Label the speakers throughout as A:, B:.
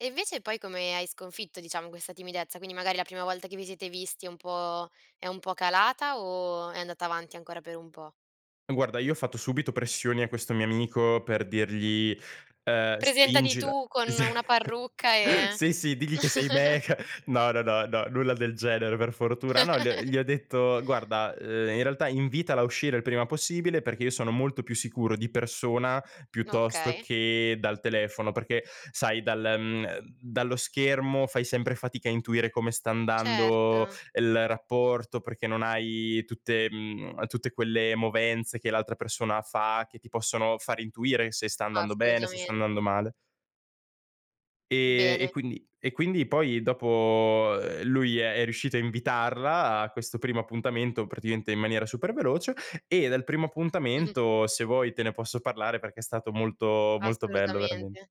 A: E invece poi come hai sconfitto, diciamo, questa timidezza? Quindi magari la prima volta che vi siete visti è un po' è un po' calata o è andata avanti ancora per un po'?
B: Guarda, io ho fatto subito pressioni a questo mio amico per dirgli, ehm:
A: Presentati
B: "Spingila"
A: tu con
B: esa
A: una parrucca e
B: sì, sì: "Digli che sei me, che" no, no, no, no, nulla del genere per fortuna. No, gl gli ho detto: "Guarda, uhm, in realtà invitala a uscire il prima possibile, perché io sono molto più sicuro di persona piuttosto
A: Okay.
B: che dal telefono." Perché, sai, dal mhmm, ehm, dallo schermo fai sempre fatica a intuire come sta andando
A: Certo.
B: il rapporto, perché non hai tutte mhmm, tutte quelle movenze che l'altra persona fa, che ti possono far intuire se sta andando bene, se sta andando
A: Assolutamente.
B: male. Ehm, e
A: Bene.
B: quindi e quindi poi dopo, ehm, lui è è riuscito a invitarla a questo primo appuntamento praticamente in maniera super veloce, e del primo appuntamento se vuoi te ne posso parlare, perché è stato molto, molto bello veramen
A: Assolutamente.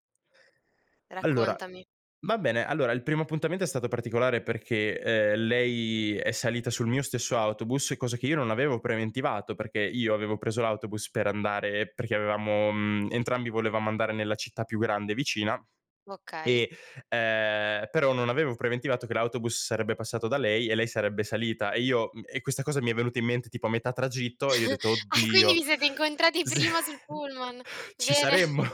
B: Allora
A: Raccontami.
B: va bene. Allora il primo appuntamento è stato particolare, perché, uhm, lei è salita sul mio stesso autobus, cosa che io non avevo preventivato, perché io avevo preso l'autobus per andare perché avevamo mhmm, entrambi volevamo andare nella città più grande vicina,
A: Okay.
B: e ehm, però non avevo preventivato che l'autobus sarebbe passato da lei e lei sarebbe salita, e io mhmm, e questa cosa mi è venuta in mente tipo a metà tragitto e io ho detto:
A: Ah, quindi
B: "Oddio!"
A: vi siete incontrati
B: Sì.
A: prima sul pullman?
B: Ci
A: Bene.
B: saremmo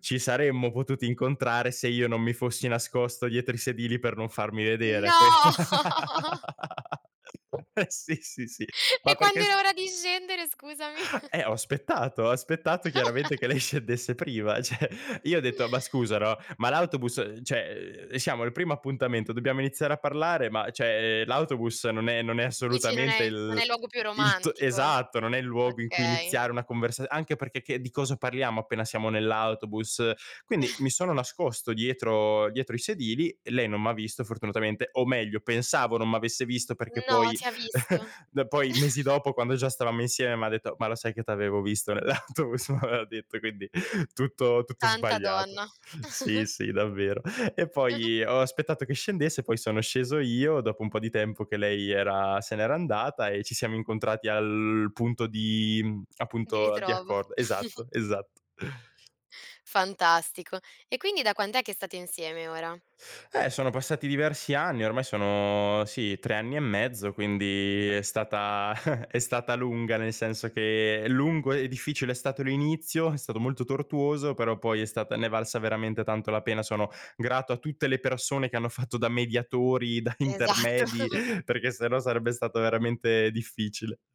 B: ci saremmo potuti incontrare, se io non mi fossi nascosto dietro i sedili per non farmi vedere, qui
A: No!
B: eh, sì, sì, sì. Ma
A: E quando
B: perché
A: era
B: s
A: ora di scendere scusami?
B: Eh, ho aspettato, ho aspettato chiaramente che lei scendesse prima; cioè, io ho detto: "Ma scusa, no, ma l'autobus uhm, cioè, uhm, siamo al primo appuntamento, dobbiamo iniziare a parlare, ma cioè, l'autobus non è non è
A: Dici non
B: assolutamente
A: è non è
B: il
A: il luogo più
B: il t"
A: romantico.
B: esatto, non è il luogo in cui
A: Okay.
B: iniziare una conversa anche perché che di cosa parliamo appena siamo nell'autobus. Quindi, mi sono nascosto dietro dietro i sedili e lei non m'ha visto fortunatamente, o meglio pensavo non m'avesse visto perché
A: No,
B: poi
A: ti ha visto.
B: d poi mesi dopo, quando già stavamo insieme, m'ha detto: "Ma lo sai che t'avevo visto nell' autobus?" M'aveva detto, quindi tutto tutto
A: Santa
B: sbagliato.
A: donna.
B: Sì, sì, davvero. E poi, ho aspettato che scendesse, poi sono sceso io dopo un po' di tempo che lei era se n'era andata e ci siamo incontrati al punto di mhmm,
A: Vi
B: appunto, di
A: ritrovo.
B: accor esatto, esatto.
A: Fantastico. E quindi da quant'è che state insieme ora?
B: Eh, sono passati diversi anni, ormai sono sì, 3 anni e mezzo, quindi è stata è stata lunga, nel senso che: lungo e difficile è stato l'inizio, è stato molto tortuoso, però poi è stata ne è valsa veramente tanto la pena. Sono grato a tutte le persone che hanno fatto da mediatori, da
A: Esatto.
B: intermedi, perché sennò sarebbe stato veramente difficile.